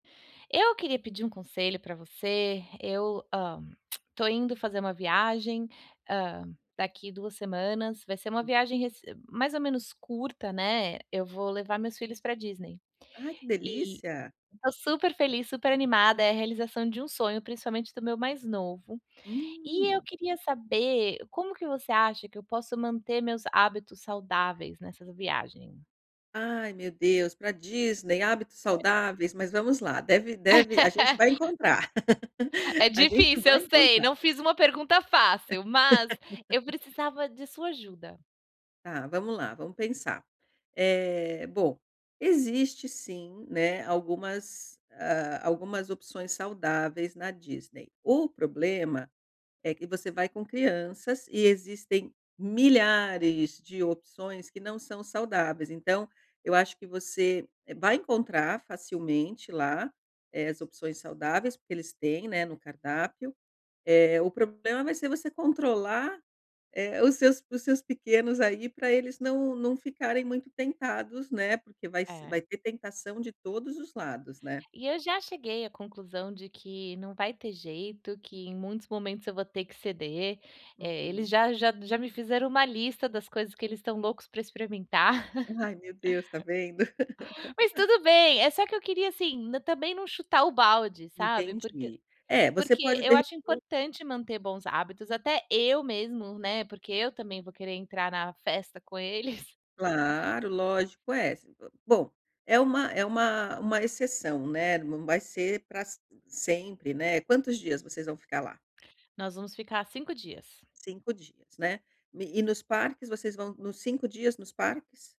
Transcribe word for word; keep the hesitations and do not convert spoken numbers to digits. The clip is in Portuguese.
Eu queria pedir um conselho para você, eu, hã, tô indo fazer uma viagem, hã, daqui duas semanas, vai ser uma viagem rece mais ou menos curta, né, eu vou levar meus filhos para Disney. Ai que E delícia! tá super feliz, super animada, é a realização de um sonho, principalmente do meu mais novo. E eu Uhum. queria saber como que você acha que eu posso manter meus hábitos saudáveis nessas viagem? Ai meu Deus, para Disney hábitos saudáveis, mas vamos lá, deve É. deve, a gente vai encontrar, É a gente difícil, vai eu sei, encontrar. não fiz uma pergunta fácil, mas eu precisava de sua ajuda. Tá vamos lá, vamos pensar, eh, bom, existe sim, né, algumas, ah, algumas opções saudáveis na Disney. O problema, é que você vai com crianças e existem milhares de opções que não são saudáveis então, eu acho que você vai encontrar facilmente lá, eh, as opções saudáveis, porque eles têm, né, no cardápio, eh, o problema vai ser você controlar, eh, os seus os seus pequenos aí pra eles não não ficarem muito tentados, né, porque vai se vai É. ter tentação de todos os lados, né? E eu já cheguei à conclusão de que não vai ter jeito, que em muitos momentos eu vou ter que ceder, eh, eles Uhum. já já já me fizeram uma lista das coisas que eles estão loucos para experimentar. Ai meu Deus tá vendo? Mas tudo bem, é só que eu queria, assim, também não chutar o balde, sabe? Porque Entendi, é, você porque pode eu de acho repe importante manter bons hábitos, até eu mesmo, né, porque eu também vou querer entrar na festa com eles. Claro, lógico essa, hã, bom, é uma é uma uma exceção, né, não vai ser pra s sempre né, quantos dias vocês vão ficar lá? Nós vamos ficar cinco dias. cinco dias, né, e e nos parques vocês vão nos cinco dias, nos parques?